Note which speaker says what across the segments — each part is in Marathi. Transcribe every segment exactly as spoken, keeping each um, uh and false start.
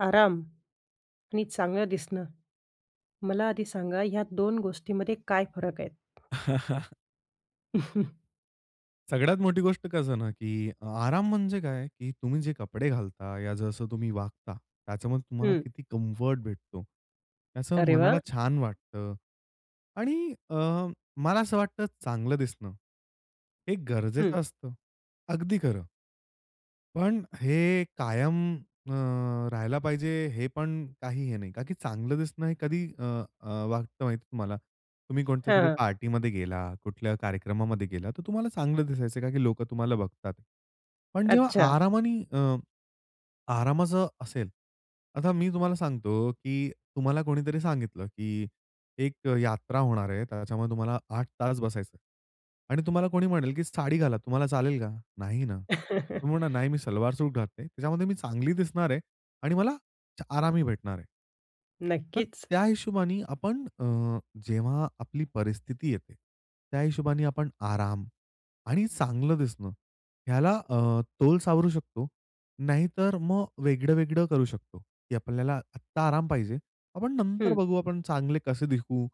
Speaker 1: आराम आणि चांगलं दिसणं, मला आधी सांगा, ह्या दोन गोष्टींमध्ये काय फरक आहेत?
Speaker 2: सगळ्यात मोठी गोष्ट कसं ना, की अ, आराम म्हणजे काय, की तुम्ही जे कपडे घालता या जसं तुम्ही वागता, त्याच्यामध्ये तुम्हाला
Speaker 1: हं.
Speaker 2: किती कम्फर्ट भेटतो, त्याचं
Speaker 1: अरे वा!
Speaker 2: मनाला छान वाटतं आणि अ, मला असं वाटतं, चांगलं दिसणं हे
Speaker 1: हं.
Speaker 2: गरजेचं असतं अगदी खरं. पण हे कायम अ, राहिलं पाहिजे, हे पण काही हे नाही. का की चांगलं दिसणं हे कधी अ, अ, वाटतं माहिती आहे तुम्हाला? तुम्ही
Speaker 1: हां,
Speaker 2: कोणत्यातरी
Speaker 1: हां.
Speaker 2: पार्टीमध्ये गेला, कुठल्या कार्यक्रमामध्ये गेलात, तर तुम्हाला चांगलं दिसायचं, का की लोकं तुम्हाला बघतात. पण जेव्हा
Speaker 1: अच्छा.
Speaker 2: आरामाने अ, आरामाचं असेल, आता मी तुम्हाला सांगतो, की तुम्हाला कोणीतरी सांगितलं, की "एक यात्रा होणार आहे, त्याच्यामुळे तुम्हाला आठ तास बसायचं आणि तुम्हाला कोणी म्हणेल, की साडी घाला." तुम्हाला चालेल का? नाही ना? तुम्ही म्हणा, "नाही, मी सलवार-सूट घालते, त्याच्यामध्ये मी चांगली दिसणार आहे आणि मला च आरामही भेटणार आहे." तर
Speaker 1: नक्कीच.
Speaker 2: त्या हिशोबाने आपण अ, जेव्हा आपली परिस्थिती येते, त्या हिशोबाने आपण आराम आणि चांगलं दिसणं ह्याला अ, तोल सावरू शकतो, नाहीतर मग वेगळं-वेगळं करू शकतो, की आपल्याला आत्ता आराम पाहिजे. आपण नंतर
Speaker 1: हं.
Speaker 2: बघू, आपण चांगले कसे दीखू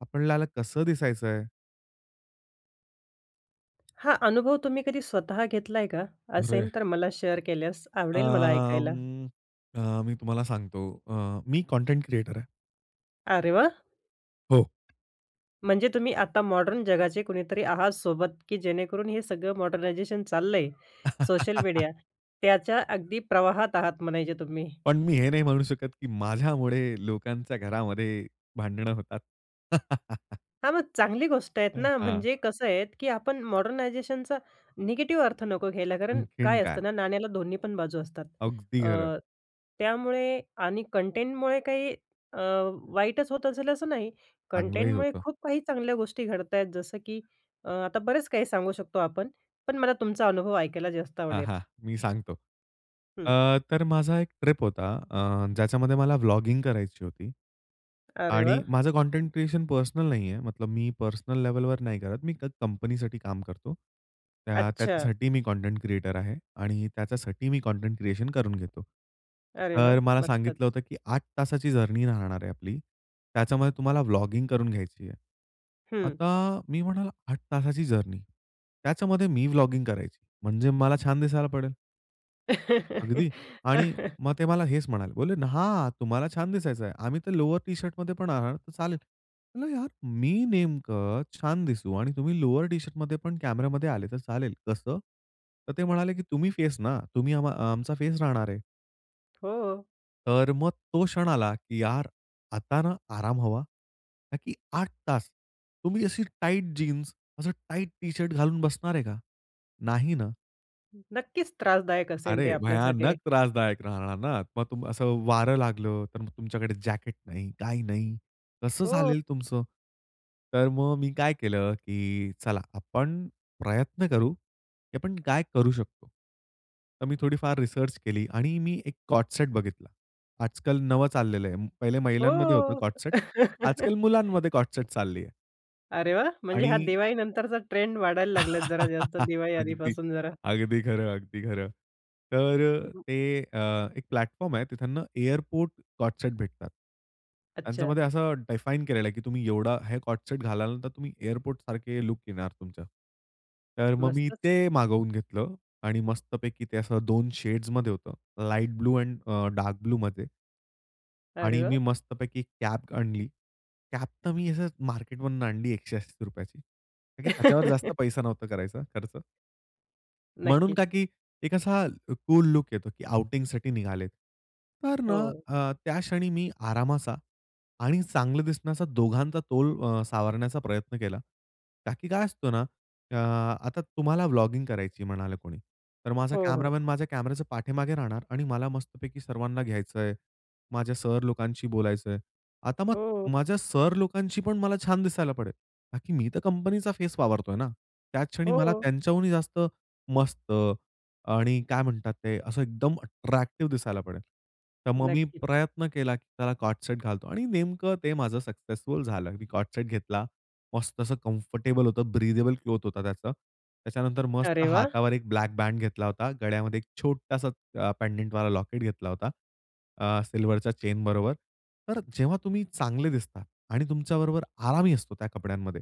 Speaker 2: आपल्याला कसं दिसायचं आहे.
Speaker 1: हां, अनुभव तुम्ही कधी स्वतः घेतलाय का? असेन
Speaker 2: अरे!
Speaker 1: तर मला शेअर केल्यास
Speaker 2: अ,
Speaker 1: आवडेल मला ऐकायला.
Speaker 2: अं, अ, मी तुम्हाला सांगतो अ, मी कंटेंट क्रियेटर आहे.
Speaker 1: अरे वा!
Speaker 2: हो.
Speaker 1: म्हणजे तुम्ही आता मॉडर्न जगाचे कुणीतरी आहात सोबत, की जेणेकरून हे सगळं मॉडर्नायझेशन चाललंय, सोशल मीडिया त्याच्या अगदी प्रवाहात आहात म्हणायचे तुम्ही.
Speaker 2: पण मी हे नाही म्हणू शकत की माझ्यामुळे लोकांच्या घरामध्ये भांडणं होतात.
Speaker 1: हां, मग चांगली गोष्ट आहेत
Speaker 2: अ,
Speaker 1: ना,
Speaker 2: हां.
Speaker 1: म्हणजे कसं आहे, की आपण मॉडर्नायझेशनचा निगेटिव्ह अर्थ नको घ्यायला. कारण
Speaker 2: आणखीन
Speaker 1: काय
Speaker 2: काय?
Speaker 1: असतं ना, नाण्याला दोन्ही पण बाजू असतात.
Speaker 2: अगदी
Speaker 1: अ,
Speaker 2: खंर.
Speaker 1: त्यामुळे आणि कंटेंटमुळे काही अ, वाईटच होत असेल असं नाही.
Speaker 2: चांगलंही
Speaker 1: कंटेंटमुळे
Speaker 2: होतं.
Speaker 1: खूप काही चांगल्या गोष्टी घडता आहेत, जसं की अ, आता बरेच काही सांगू शकतो आपण. पण मला तुमचा अनुभव ऐकायला जास्त
Speaker 2: हां,
Speaker 1: आवडेल.
Speaker 2: हां, मी सांगतो.
Speaker 1: हं.
Speaker 2: अ, तर माझा एक ट्रिप होता, अ, ज्याच्यामध्ये मला व्लॉगिंग करायची होती
Speaker 1: अरे
Speaker 2: आणि
Speaker 1: वाह!
Speaker 2: माझं कंटेंट क्रिएशन पर्सनल नाहीये. मतलब मी पर्सनल लेव्हलवर नाही करत, मी कंपनीसाठी काम करतो. त्या
Speaker 1: अच्छा.
Speaker 2: त्याच्यासाठी मी कंटेंट क्रिएटर आहे आणि त्याच्यासाठी मी कंटेंट क्रिएशन करून घेतो.
Speaker 1: अरे वाह!
Speaker 2: तर मला सांगितलं
Speaker 1: मस्तच.
Speaker 2: होतं, की "आठ तासांची जर्नी राहणार आहे आपली. त्याच्यामध्ये तुम्हाला व्लॉगिंग करून घ्यायची आहे."
Speaker 1: हं.
Speaker 2: आता मी म्हणालो, "आठ तासांची जर्नी, त्याच्यामध्ये मी व्लॉगिंग करायची, म्हणजे मला छान दिसायला पडेल." अगदी. आणि मग ते मला हेच म्हणाले, बोलले ना "हां, तुम्हाला छान दिसायचं आहे. आम्ही तर लोअर टी-शर्टमध्ये पण येणार, तर चालेल." म्हणालो "यार, मी नेमकं छान दिसू आणि तुम्ही लोअर टी-शर्टमध्ये पण कॅमेरामध्ये आलात, तर चालेल कसं?" तर ते म्हणाले, की "तुम्ही फेसना, तुम्ही अ आमचा फेस राहणार आहे."
Speaker 1: हो.
Speaker 2: तर मग तो क्षण आला, की यार आता ना, आराम हवा, का की आठ तास तुम्ही अशी टाईट जीन्स, असं टाइट टी शर्ट घालून बसणार आहे का? नाही ना.
Speaker 1: हं, नक्कीच त्रासदायक असेल ते
Speaker 2: अरे,
Speaker 1: आपल्यासाठी.
Speaker 2: भयानक त्रासदायक राहणार ना, मग तुम असं वारं लागलं, तर मग तुमच्याकडे जॅकेट नाही, काही नाही, कसं
Speaker 1: हो.
Speaker 2: झालेलं तुमचं? तर मग मी काय केलं, की चला आपण प्रयत्न करू, की आपण काय करू शकतो? तर मी थोडीफार रिसर्च केली आणि मी एक को-ऑर्ड सेट बघितला. आज-काल नवं चाललेलं आहे. पहिले महिलांमध्ये होतं
Speaker 1: हो.
Speaker 2: को-ऑर्ड सेट, आज-काल मुलांमध्ये को-ऑर्ड सेट चाललं आहे.
Speaker 1: अरे वाह! म्हणजे हा
Speaker 2: आणि
Speaker 1: दिवाळीनंतरचा ट्रेंड वाढायला लागलात जरा जास्त,
Speaker 2: अगदी
Speaker 1: दिवाळीआधीपासून जरा.
Speaker 2: अगदी खरं, अगदी खरं. तर अ,
Speaker 1: हं.
Speaker 2: ते अ, एक प्लॅटफॉर्म आहे, तिथंना एअरपोर्ट को-ऑर्ड सेट भेटतात.
Speaker 1: अच्छा.
Speaker 2: त्यांच्यामध्ये असं डिफाइन केलेलं आहे, की तुम्ही एवढं हे को-ऑर्ड सेट घालाल तुम्ही एअरपोर्ट सारखं लूक येणार तुमचा. तर मग मी
Speaker 1: मस्तच.
Speaker 2: ते मागवून घेतलं आणि मस्तपैकी ते असं दोन शेड्समध्ये होतं, लाईट ब्लू आणि अ, डार्क ब्लूमध्ये.
Speaker 1: अरे
Speaker 2: आणि मी
Speaker 1: वाह!
Speaker 2: मस्तपैकी कॅप आणली. कॅप तर मी असंच मार्केट मधून आणली एकशे अस्सी रुपयाची. का की त्याच्यावर जास्त पैसा नव्हता करायचा खर्च. म्हणून
Speaker 1: नक्कीच.
Speaker 2: का की एक असा क कूल लूक येतो की आउटिंगसाठी निघालेत. तर ना
Speaker 1: हो.
Speaker 2: अ, त्या क्षणी मी आरामाचा आणि चांगलं दिसण्याचा दोघांचा तोल अ, सावरण्याचा प्रयत्न केला. का की काय असतं ना, अ, आता तुम्हाला व्लॉगिंग करायची म्हणालं कोणी, तर माझा
Speaker 1: हो, हो.
Speaker 2: कॅमेरामन माझ्या कॅमेऱ्याच्या पाठीमागे राहणार आणि मला मस्तपैकी सर्वांना घ्यायचंय, माझ्या सर लोकांशी बोलायचंय. आता मग
Speaker 1: हो.
Speaker 2: माझ्या सर लोकांशी पण मला छान दिसायला पडेल. का की मी तर कंपनीचा फेस वावरतोय ना. त्याच क्षणी मला
Speaker 1: हो.
Speaker 2: त्यांच्याहूनही जास्त मस्त आणि काय म्हणतात ते, असं एकदम अट्रॅक्टिव्ह दिसायला
Speaker 1: [unintelligible]
Speaker 2: पडेल. तर मग मी
Speaker 1: नक्कीच.
Speaker 2: प्रयत्न केला की त्याला को-ऑर्ड सेट घालतो आणि नेमकं ते माझं सक्सेसफुल झालं. मी को-ऑर्ड सेट घेतला. मस्त असं कम्फर्टेबल होतं, ब्रीदेबल क्लॉथ होतं त्याचं. त्याच्यानंतर मस्त
Speaker 1: अरे वाह!
Speaker 2: हातावर एक ब्लॅक बँड घेतला होता, गळ्यामध्ये एक छोटासा अ, पेंडंटवाला लॉकेट घेतला होता. अ, सिल्व्हरच्या चेनबरोबर. तर जेव्हा तुम्ही चांगले दिसता आणि तुमच्याबरोबर आरामही असतो त्या कपड्यांमध्ये,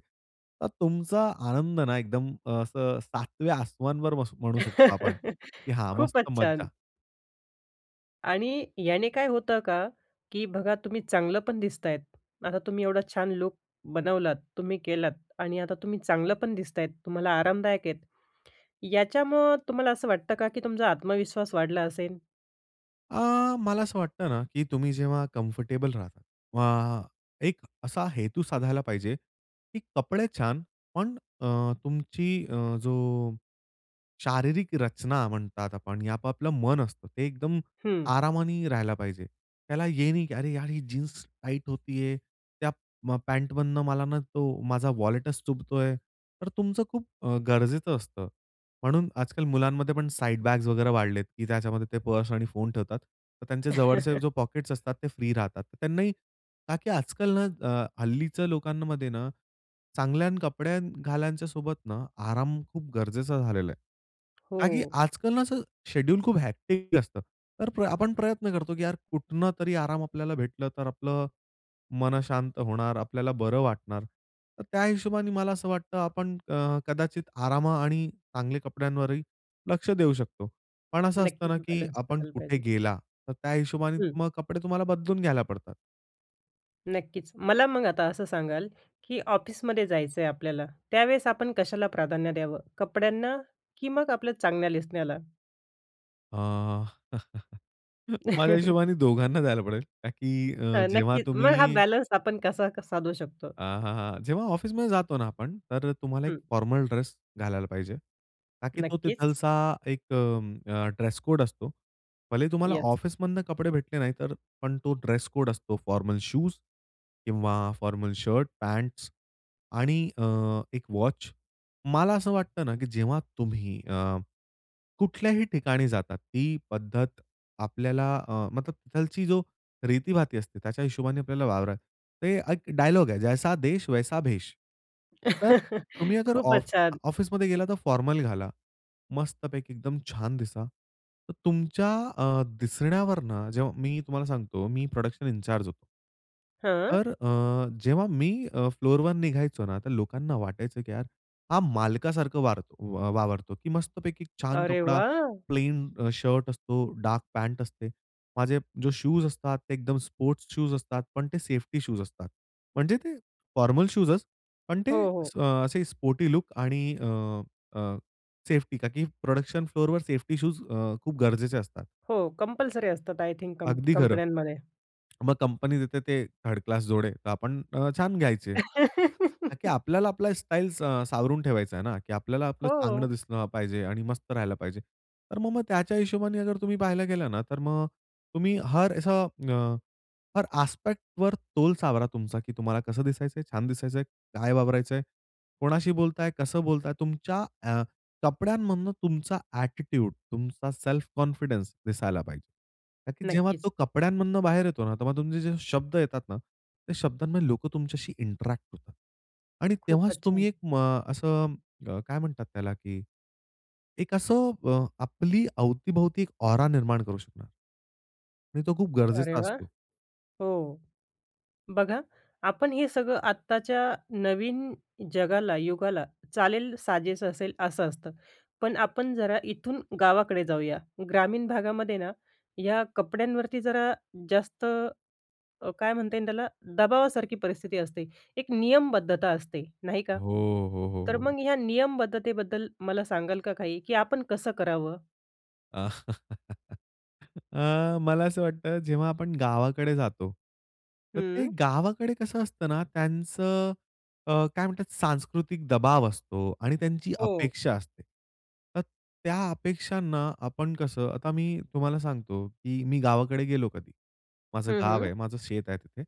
Speaker 2: तर तुमचा आनंद ना एकदम असं सातव्या आसमानावर म्हणू शकतो आपण की हा
Speaker 1: खूपच
Speaker 2: मस्त
Speaker 1: छान.
Speaker 2: मज्जा.
Speaker 1: आणि याने काय होतं का, की बघा, तुम्ही चांगलं पण दिसत आहेत. आता तुम्ही एवढा छान लूक बनवलात, तुम्ही केलात आणि आता तुम्ही चांगलं पण दिसत आहात, तुम्हाला आरामदायक आहेत, याच्यामुळे तुम्हाला असं वाटतं का, की तुमचा आत्मविश्वास वाढला असेल?
Speaker 2: अ, मला असं वाटतं ना, की तुम्ही जेव्हा कम्फर्टेबल राहतात वा एक असा हेतू साधायला पाहिजे, की कपडे छान पण अ, तुमची अ, जो शारीरिक रचना म्हणतात आपण, हे आपापलं मन असतं, ते एकदम
Speaker 1: हं.
Speaker 2: आरामाने राहायला पाहिजे. त्याला हे नाही, की अरे यार, ही जीन्स टाईट होतेय, त्या अ, पॅन्टमधून मला ना, तो माझा वॉलेटच चुभतोय, तर तुमचं खूप अ, गरजेचं असतं. म्हणून आज-काल मुलांमध्ये पण साईड-बॅग्स वगैरे वाढल्यात, की त्याच्यामध्ये ते पर्स आणि फोन ठेवतात, तर त्यांचे जवळचे जे पॉकेट्स असतात, ते फ्री राहतात. त्यांनाही का की आज-काल ना अ, हल्लीच्या लोकांमध्ये ना, चांगले कपडे घालण्यासोबत ना, आराम खूप गरजेचा झालेला आहे. का की
Speaker 1: हो.
Speaker 2: आज-काल ना, शेड्युल खूप हेक्टिक असतं, तर आपण प्रयत्न करतो की यार, कुठनं तरी आराम आपल्याला भेटला, तर आपलं मन शांत होणार, आपल्याला बरं वाटणार. तर त्या हिशोबाने मला असं वाटतं, आपण अ, कदाचित आराम आणि चांगल्या कपड्यांवरही लक्ष देऊ शकतो. पण असं असतं
Speaker 1: नक्कीच.
Speaker 2: ना, की
Speaker 1: बॅलन्स
Speaker 2: आपण
Speaker 1: करायला
Speaker 2: कुठे
Speaker 1: पाहिजे.
Speaker 2: गेला, तर त्या हिशोबाने
Speaker 1: हं.
Speaker 2: मग कपडे तुम्हाला बदलून घ्यायला पडतात.
Speaker 1: नक्कीच. मला मग आता असं सांगाल की ऑफिसमध्ये जायचंय आपल्याला, त्यावेळेस आपण कशाला प्राधान्य द्यावं कपड्यांना की मग आपल्या चांगल्या दिसण्याला?
Speaker 2: अ, माझ्या हिशोबाने दोघांना द्यायला पडेल का की अ,
Speaker 1: अ,
Speaker 2: जेव्हा
Speaker 1: नक्कीच. मग हा
Speaker 2: तुम्ही
Speaker 1: बॅलन्स आपण कसा साधू शकतो.
Speaker 2: हां, हां, हां. जेव्हा ऑफिसमध्ये जातो ना आपण, तर तुम्हाला एक
Speaker 1: हं.
Speaker 2: फॉर्मल ड्रेस घालायला पाहिजे, का की तो
Speaker 1: नक्कीच.
Speaker 2: तिथलचा एक अ, ड्रेसकोड असतो. भले तुम्हाला
Speaker 1: येस.
Speaker 2: ऑफिसमधनं कपडे भेटले नाही. तर पण तो ड्रेसकोड असतो. फॉर्मल शूज किंवा फॉर्मल शर्ट, पँट्स आणि अ, एक वॉच. मला असं वाटतं ना की जेव्हा तुम्ही अ, कुठल्याही ठिकाणी जातात, ती पद्धत आपल्याला अ, मतलब तिथली जी रीतीभाती असते, त्याच्या हिशोबाने आपल्याला वावर. तो एक डायलॉग आहे जैसा देस वैसा भेस. तर तुम्ही जर
Speaker 1: खूपच
Speaker 2: आफ
Speaker 1: छान!
Speaker 2: ऑफिसमध्ये गेला, तर फॉर्मल घाला. मस्तपैकी एकदम छान दिसा. तर तुमच्या अ, दिसण्यावरनं जेव्हा मी तुम्हाला सांगतो, मी प्रोडक्शन इंचार्ज होतो.
Speaker 1: हां.
Speaker 2: तर अ, जेव्हा अ, मी फ्लोरवर निघायचो ना, तर लोकांना वाटायचं की यार हा मालकासारखा वार अ, वावरतो की मस्तपैकी छान
Speaker 1: अरे
Speaker 2: कपडा,
Speaker 1: वा!
Speaker 2: प्लेन अ, शर्ट असतो, डार्क पँट असते. माझे जे शूज असतात, ते एकदम स्पोर्ट्स शूज असतात, पण ते सेफ्टी शूज असतात. म्हणजे ते फॉर्मल शूजच पण ते
Speaker 1: हो, हो.
Speaker 2: अ, असे स्पोर्टी लूक आणि अ, अ, सेफ्टी, का की प्रोडक्शन फ्लोरवर सेफ्टी शूज अ, खूप गरजेचे असतात.
Speaker 1: हो, कंपल्सरी असतात आय थिंक कंप
Speaker 2: अगदी खरं.
Speaker 1: कंपन्यांमध्ये.
Speaker 2: मग कंपनी देते ते थर्ड क्लास जोडे, तर आपण अ, छान घ्यायचे. का की आपल्याला आपली स्टाईल सा अ, सावरून ठेवायची आहे ना, की आपल्याला आपलं चांगलं
Speaker 1: हो.
Speaker 2: दिसलं पाहिजे आणि मस्त राहायला पाहिजे. तर मग-मग त्याच्या हिशोबाने जर तुम्ही पाहिलं गेलं ना, तर मग तुम्ही हर, अस अ, हर, आस्पेक्टवर तोल सावरा तुमचा की तुम्हाला कसं दिसायचंय? छान दिसायचंय, काय वावरायचंय? कोणाशी बोलताय? कसं बोलताय? तुमच्या अ, कपड्यांमधून तुमचा ॲटिट्यूड, तुमचा सेल्फ कॉन्फिडन्स दिसायला पाहिजे. का की जेव्हा
Speaker 1: नक्कीच.
Speaker 2: तो कपड्यांमधून बाहेर येतो ना, तेव्हा तुमचे जे शब्द येतात ना, त्या शब्दांमध्ये लोकं तुमच्याशी इंटरॅक्ट होतात. आणि तेव्हाच
Speaker 1: खूपच छान.
Speaker 2: तुम्ही म एक अ, असं अ, काय म्हणतात त्याला? की एक असं अ, आपल्या अवती-भोवती एक औरा निर्माण करू शकणार. आणि तो खूप
Speaker 1: अरे
Speaker 2: गरजेचा
Speaker 1: वा!
Speaker 2: असतो.
Speaker 1: हो. बघा, आपण हे सगळं आत्ताच्या नवीन जगाला, युगाला चालेल, साजेसं असेल असं असतं. पण आपण जरा इथून गावाकडे जाऊया. ग्रामीण भागामध्ये ना, ह्या कपड्यांवरती जरा जास्त अ, काय म्हणता येईल त्याला, दबावासारखी परिस्थिती असते, एक नियमबद्धता असते, नाही का?
Speaker 2: हो, हो, हो,
Speaker 1: तर
Speaker 2: हो.
Speaker 1: मग ह्या नियमबद्धतेबद्दल मला सांगाल का काही, की आपण कसं करावं?
Speaker 2: अ, मला असं वाटतं. जेव्हा आपण गावाकडे जातो. तर ते
Speaker 1: हं.
Speaker 2: गावाकडे कसं असतं ना त्यांचं अ, काय म्हणतात सांस्कृतिक दबाव असतो आणि त्यांची
Speaker 1: हो.
Speaker 2: अपेक्षा असते. तर त्या अपेक्षांना आपण कसं आता मी तुम्हाला सांगतो की मी गावाकडे गेलो कधी. माझं
Speaker 1: हं,
Speaker 2: गाव
Speaker 1: हं.
Speaker 2: आहे, माझं शेत आहे तिथे.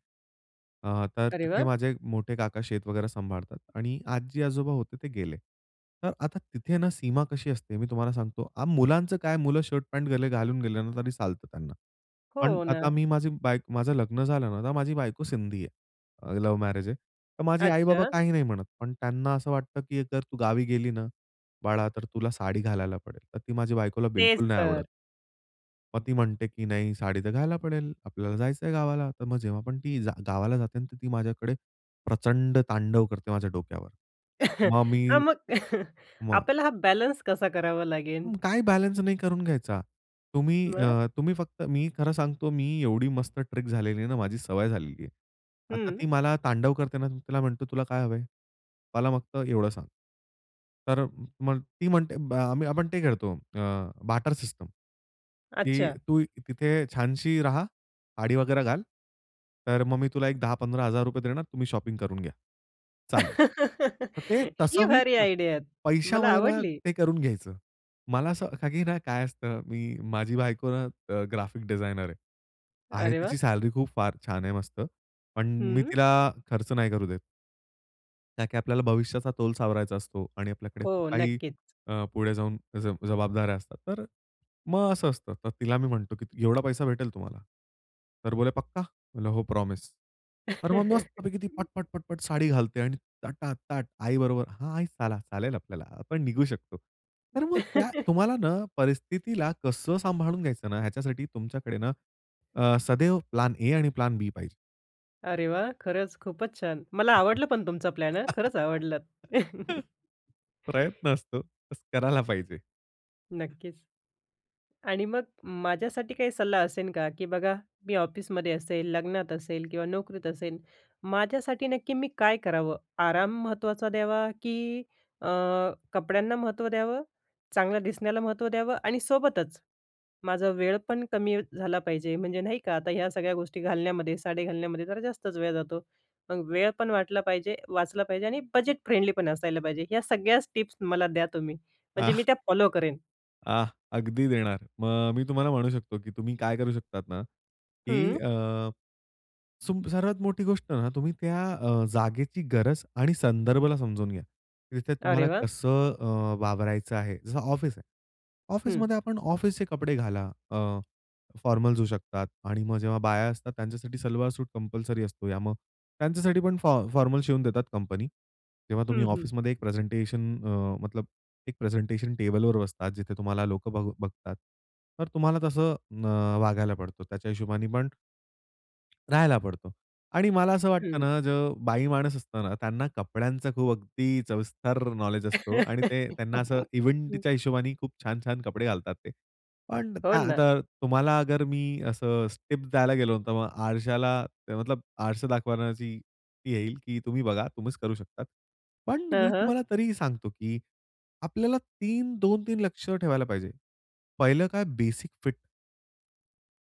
Speaker 2: अ, तर
Speaker 1: अरे
Speaker 2: तिथे
Speaker 1: वा!
Speaker 2: माझे मोठे काका शेत वगैरे सांभाळतात आणि आजी-आजोबा होते ते गेले. तर आता तिथे ना सीमा कशी असते मी तुम्हाला सांगतो आ, मुलांचं काय मुलं शर्ट पॅन्ट गेले घालून गेले ना तरी चालतं त्यांना. पण
Speaker 1: हो
Speaker 2: आता
Speaker 1: ना.
Speaker 2: मी माझी बायक माझं लग्न झालं ना, तर माझी बायको सिंधी आहे, अ, लव्ह मॅरेज आहे. तर माझे आई-बाबा
Speaker 1: अच्छा.
Speaker 2: काही नाही म्हणत. पण त्यांना असं वाटतं, की "जर तू गावी गेली ना बाळा, तर तुला साडी घालायला पडेल." तर ती माझी बायकोला
Speaker 1: तेच
Speaker 2: बिलकुल नाही
Speaker 1: तर.
Speaker 2: आवडत. मग ती म्हणते की नाही साडी तर घाला पडेल, आपल्याला जायचंय गावाला. तर मग जेव्हापण ती जा गावाला जाते ना. तर ती माझ्याकडे प्रचंड तांडव करते माझ्या डोक्यावर. मग
Speaker 1: हां,
Speaker 2: मी
Speaker 1: मग
Speaker 2: मग
Speaker 1: आपल्याला हा बॅलन्स कसा करावा लागेल?
Speaker 2: काय बॅलन्स नाही करून घ्यायचा. तुम्ही
Speaker 1: मग?
Speaker 2: अ, तुम्ही फक्त मी खरं सांगतो मी एवढी मस्त ट्रिक झालेली आहे ना, माझी सवय झालेली. आता
Speaker 1: हम्म.
Speaker 2: ती मला तांडव करते ना तर तिला म्हणतो, "तुला काय हवंय? मला फक्त एवढं सांग." तर मग ती म्हणते ब आम्ही आपण ते खेळतो अ, बार्टर सिस्टम, की
Speaker 1: अच्छा.
Speaker 2: "तू तिथे छानशी रहा, साडी वगैरे घाल, तर मग मी तुला एक दहा पंधरा हजार रुपये देणार, तुम्ही शॉपिंग करून घ्या." "चालेल." तर ते
Speaker 1: ही
Speaker 2: तसं मी
Speaker 1: भारी
Speaker 2: पै
Speaker 1: आयडिया आहेत. मला
Speaker 2: पैशामध्ये ना
Speaker 1: आवडली.
Speaker 2: ते करून घ्यायचं. मला असं का की ना काय असतं, मी माझी बायको ना अ, ग्राफीक डिजायनर आहे. आहे
Speaker 1: अरे वाह!
Speaker 2: तिची सॅलरी खूप फार छान आहे मस्त. पण मी
Speaker 1: हम्म.
Speaker 2: तिला खर्च नाही करू देत. ताकी आपल्याला भविष्याचा तोल सावरायचा असतो आणि आपल्याकडे खूप
Speaker 1: हो,
Speaker 2: काही
Speaker 1: नक्कीच.
Speaker 2: अ, पुढे जाऊन जब जबाबदाऱ्या असतात. तर मग असं असतं. तर तिला मी म्हणतो, की "एवढा पैसा भेटेल तुम्हाला." तर बोले "पक्का." म्हणलं, "हो प्रॉमिस." तर मग मस्तपैकी ती पट, पट, पट, पट, साडी घालते आणि तटा ताट आईबरोबर हां आई, चला चालेल आपल्याला आपण निघू शकतो. तर मग त्या तुम्हाला ना परिस्थितीला कसं सांभाळून घ्यायचं ना, ह्याच्यासाठी तुमच्याकडे ना अ, सदैव प्लॅन ए आणि प्लॅन बी पाहिजे.
Speaker 1: अरे वाह! खरंच खूपच छान. मला आवडला पण तुमचा प्लॅन हं. खरंच आवडलात.
Speaker 2: प्रयत्न असतो तसं करायला पाहिजे.
Speaker 1: नक्कीच आणि मग माझ्यासाठी काही सल्ला असेन का? की बघा मी ऑफिसमध्ये असेल, लग्नात असेल किंवा नोकरीत असेल. माझ्यासाठी नक्की मी काय करावं? आराम महत्त्वाचा द्यावा, की अ, कपड्यांना महत्त्व द्यावं? चांगलं दिसण्याला महत्त्व द्यावं? आणि सोबतच माझा वेळपण कमी झाला पाहिजे. म्हणजे नाही का आता ह्या सगळ्या गोष्टी घालण्यामध्ये साडी घालण्यामध्ये जरा जास्तच वेळ जातो. मग वेळ पण वाटला पाहिजे वाचला पाहिजे आणि बजेट फ्रेंडलीपण असायला पाहिजे. ह्या सगळ्याच टिप्स मला द्या तुम्ही.
Speaker 2: आ.
Speaker 1: म्हणजे मी त्या फॉलो करेन.
Speaker 2: आह! अगदी देणार. मग मी तुम्हाला म्हणू शकतो, की तुम्ही काय करू शकतात ना, की
Speaker 1: हं.
Speaker 2: अ, सुम सर्वात मोठी गोष्ट आहे ना, तुम्ही त्या अ, जागेची गरज आणि संदर्भाला समजून घ्या. तिथे
Speaker 1: अरे
Speaker 2: तुम्हाला
Speaker 1: वाह!
Speaker 2: कसं अ, वावरायचं आहे. जसं ऑफिस आहे.
Speaker 1: हं.
Speaker 2: ऑफिसमध्ये आपण ऑफिसचे कपडे घाला, अ, फॉर्मल्स येऊ शकतात आणि मग जेव्हा बाया असतात त्यांच्यासाठी, सलवार-सूट कंपल्सरी असतो, या मग त्यांच्यासाठी पण फॉ फॉर्मल शिवून देतात कंपनी. जेव्हा तुम्ही
Speaker 1: हं, हं.
Speaker 2: ऑफिसमध्ये एक प्रेझेंटेशन अ, मतलब एक प्रेझेंटेशन टेबलवर बसतात. जिथे तुम्हाला लोक बघ बघतात. तर तुम्हाला तसं अ, वागायला पडतो. त्याच्या हिशोबाने पण राहायला पडतो. आणि मला असं वाटतं
Speaker 1: हं.
Speaker 2: ना, जो बाई माणूस असतो ना, त्यांना कपड्यांचा खूप अगदी सविस्तर नॉलेज असतो आणि ते त्यांना असं इव्हेंटच्या हिशोबाने खूप छान-छान कपडे घालतात ते. पण
Speaker 1: हो
Speaker 2: त्या
Speaker 1: ना.
Speaker 2: आता तुम्हाला अगर मी असं अ, टीप्स द्यायला गेलो, तर मग आरश्याला मतलब आरसा दाखवण्याची ती येईल की तुम्ही बघा, तुम्हीच करू शकता. पण
Speaker 1: हां,
Speaker 2: मी
Speaker 1: हां.
Speaker 2: तुम्हाला तरीही सांगतो, की आपल्याला तीन, दोन तीन लक्ष ठेवायला पाहिजे. पहिलं काय, बेसिक फिट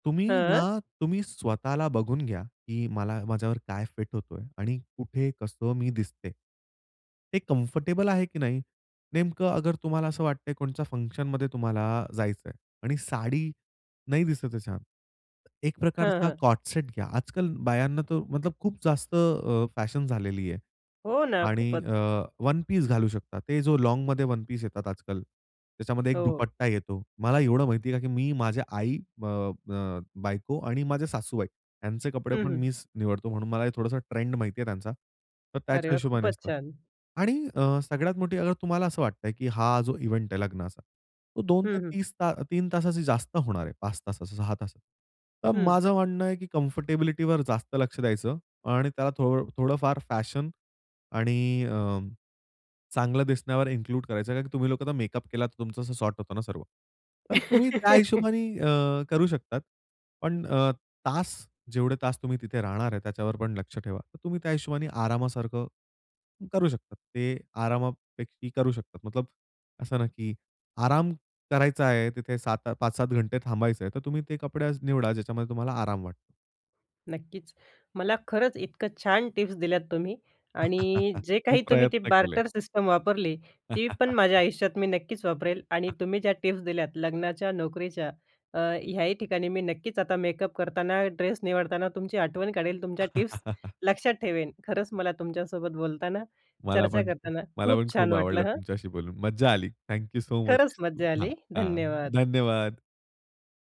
Speaker 2: तुम्ही
Speaker 1: हं.
Speaker 2: ना, तुम्ही स्वतःला बघून घ्या, की मला माझ्यावर काय फिट होत आहे आणि कुठे, कसं मी दिसते. ते कम्फर्टेबल आहे की नाही? नेमकं अगर तुम्हाला असं वाटतं आहे कोणाच्या फंक्शनमध्ये तुम्हाला जायचं आहे आणि साडी नाही दिसत आहे छान. एक
Speaker 1: हं,
Speaker 2: प्रकारचा
Speaker 1: हं.
Speaker 2: कॉट सेट घ्या. आज-काल बायांना तो मतलब खूप जास्त अ, फॅशन झालेली आहे.
Speaker 1: हो ना,
Speaker 2: आणि
Speaker 1: खूपच.
Speaker 2: अ, वन पीस घालू शकता, ते जो लाँगमध्ये वन पीस येतात आज-काल, त्याच्यामध्ये एक
Speaker 1: हो.
Speaker 2: दुपट्टा येतो. मला एवढं माहिती आहे, का की मी माझ्या आई अ, अ, बायको आणि माझे सासूबाई, यांचे
Speaker 1: हं,
Speaker 2: कपडेपण
Speaker 1: हं.
Speaker 2: मीच निवडतो. म्हणून मला हे थोडासं ट्रेंड माहिती आहे त्यांचा, तर
Speaker 1: अरे
Speaker 2: त्याच्या
Speaker 1: वाह!
Speaker 2: हिशोबाने
Speaker 1: खूपच
Speaker 2: असतं.
Speaker 1: छान.
Speaker 2: आणि अ, सगळ्यात मोठी अगर तुम्हाला असं वाटतं आहे की हा जो इव्हेंट आहे लग्नाचा. तो दोन
Speaker 1: हं,
Speaker 2: ते
Speaker 1: हं.
Speaker 2: तीस ता तीन तासाची जास्त होणार आहे. पाच तासाचं, सहा तासात. तर
Speaker 1: हं.
Speaker 2: माझं म्हणणं आहे की कम्फर्टेबिलिटीवर जास्त लक्ष द्यायचं आणि त्याला थो थोडंफार फॅशन आणि अ, चांगलं दिसण्यावर इन्क्लूड करायचं, कारण तुम्ही लोकं आता मेकअप केला तर तुमचं असं सॉर्ट होतो ना सर्व. तर तुम्ही त्या हिशोबाने अ, करू शकतात, पण अ, तास, जेवढे तास तुम्ही तिथे राहणार आहे त्याच्यावर पण लक्ष ठेवा. तर तुम्ही त्या हिशोबाने आरामासारखं करू शकता, ते आरामापेकी करू शकतात. मतलब असं ना की आराम करायचा आहे, तिथे सात पाच सात घंटे थांबायचं आहे. तर तुम्ही ते कपडे आज निवडा ज्याच्यामध्ये तुम्हाला आराम वाटतो.
Speaker 1: नक्कीच मला खरंच इतकं छान टिप्स दिल्यात तुम्ही आणि जे
Speaker 2: मी
Speaker 1: काही तुम्ही ती
Speaker 2: प्रयत्न केले.
Speaker 1: बार्टर सिस्टम वापरली. ती पण माझ्या आयुष्यात मी नक्कीच वापरेल आणि तुम्ही ज्या टिप्स दिल्यात लग्नाच्या, नोकरीच्या अ, ह्याही ठिकाणी मी नक्कीच आता मेकअप करताना, ड्रेस निवडताना तुमची आठवण काढेल. तुमच्या टिप्स लक्षात ठेवेन. खरंच मला तुमच्यासोबत बोलताना,
Speaker 2: मला
Speaker 1: चर्चा
Speaker 2: पण
Speaker 1: करताना,
Speaker 2: मला
Speaker 1: खूप
Speaker 2: पण
Speaker 1: छान
Speaker 2: खूप
Speaker 1: वाटलं,
Speaker 2: आवडलं
Speaker 1: हं.
Speaker 2: तुमच्याशी बोलून, मज्जा आली. Thank you so much.
Speaker 1: खरंच मज्जा
Speaker 2: आ,
Speaker 1: आली.
Speaker 2: हां,
Speaker 1: धन्यवाद.
Speaker 2: धन्यवाद.